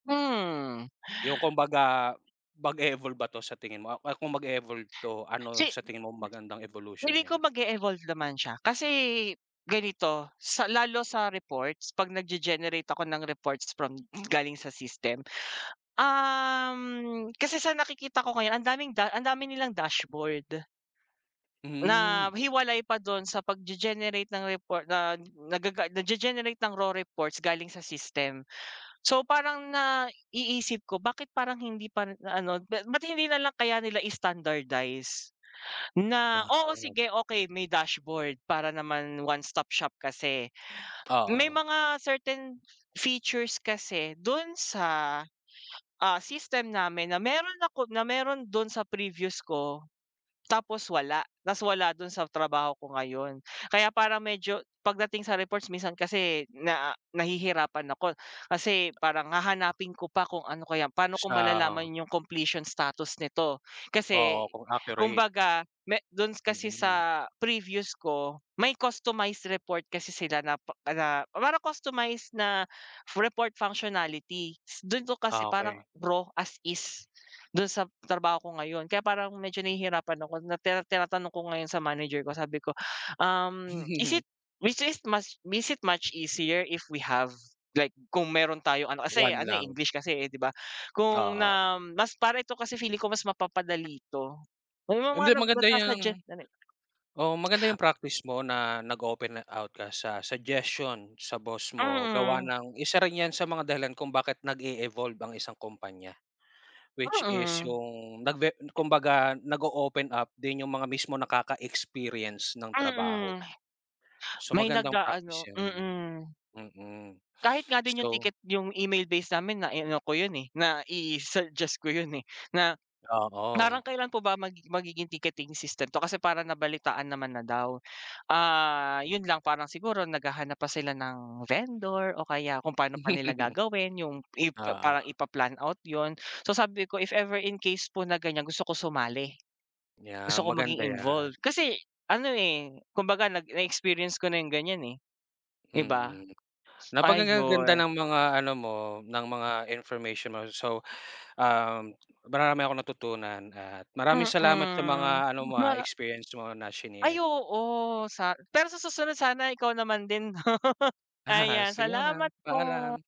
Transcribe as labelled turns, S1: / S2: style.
S1: Hmm.
S2: Yung kumbaga, mag-e-evolve ba 'to, sa tingin mo kung mag-evolve 'to, ano
S1: Si
S2: sa tingin mo magandang evolution
S1: Feeling ko
S2: niya?
S1: mag-e-evolve naman siya, kasi, ganito, sa lalo sa reports pag nagge-generate ako ng reports from galing sa system, uhm, kasi sa nakikita ko ngayon ang daming ang dami nilang dashboard. Na
S2: Hmm.
S1: hiwalay pa dun sa pagge-generate ng report na nagaga nagge-generate ng raw reports galing sa system. So parang naiisip ko, bakit parang hindi pa ano, ba't hindi nalang kaya nila standardize, na oo,
S2: Wow.
S1: sige okey may dashboard para naman one stop shop kasi, may
S2: Oo.
S1: mga certain features kasi dun sa, ah, system namin na meron ako na meron dun sa previews ko, tapos wala, tapos wala dun sa trabaho ko ngayon. Kaya parang medyo pagdating sa reports minsan kasi na, nahihirapan ako kasi parang hahanapin ko pa kung ano kaya paano ko
S2: Sa.
S1: malalaman yung completion status nito, kasi
S2: Oo, kung accurate.
S1: kumbaga me dun kasi
S2: Mm.
S1: sa previews ko, may customized report kasi sila na na parang customized na report functionality, dun ko kasi
S2: Ah,
S1: parang
S2: okey.
S1: raw as is, dun sa trabaho ko ngayon, kaya parang medyo nahihirapan ako. Na tira tinatanong ko ngayon sa manager ko sabi ko, um, "Is it which is much, is it much easier if we have?" like, kung meron tayong ano, kasi
S2: One
S1: ano eh,
S2: lang.
S1: English kasi di ba, kung
S2: Oo.
S1: na mas para ito kasi feeling ko mas mapapadali 'to, may
S2: Hindi,
S1: mga
S2: maganda
S1: nagsa-suggest,
S2: yang,
S1: ano eh.
S2: oo maganda yung practice mo na, nag-open out ka sa suggestion sa boss mo gawa
S1: Mm.
S2: ng isa rin yan sa mga dahilan kung bakit nag-e-evolve ang isang kompanya, which is
S1: Mm.
S2: yung nag-ve kumbaga nag-o-open up din yung mga mismong nakaka-experience ng trabaho.
S1: Mm.
S2: So,
S1: May
S2: magandang
S1: nag-aano,
S2: practice yun.
S1: mm.
S2: Mm,
S1: Kahit nga din yung
S2: so.
S1: ticket yung email base namin na ano ko yun eh, na i-suggest ko yun eh, na parang
S2: Oo.
S1: kailan po ba mag magiging ticketing system to kasi parang nabalitaan naman na daw, ah yun lang parang siguro naghahanap pa sila ng vendor o kaya kung paano pa nila gagawin yung parang
S2: Oo.
S1: ipa-plan out yun. So sabi ko, if ever, in case po na ganyan gusto ko sumali,
S2: Yeah,
S1: gusto ko maging
S2: maganda yan.
S1: involved, kasi ano eh, kumbaga nag na experience ko na yung ganyan eh. Di ba?
S2: Mm, napakagaganda
S1: Ayun.
S2: ng mga ano mo, ng mga information mo. So, ah, marami akong natutunan at maraming salamat sa
S1: Mm.
S2: mga ano mo ah,
S1: Ma
S2: experience mo na
S1: Ay
S2: shinare.
S1: oo, sa pero sa susunod sana ikaw naman din 'no.
S2: Ah,
S1: Ayan
S2: sige muna,
S1: salamat po.
S2: paalam.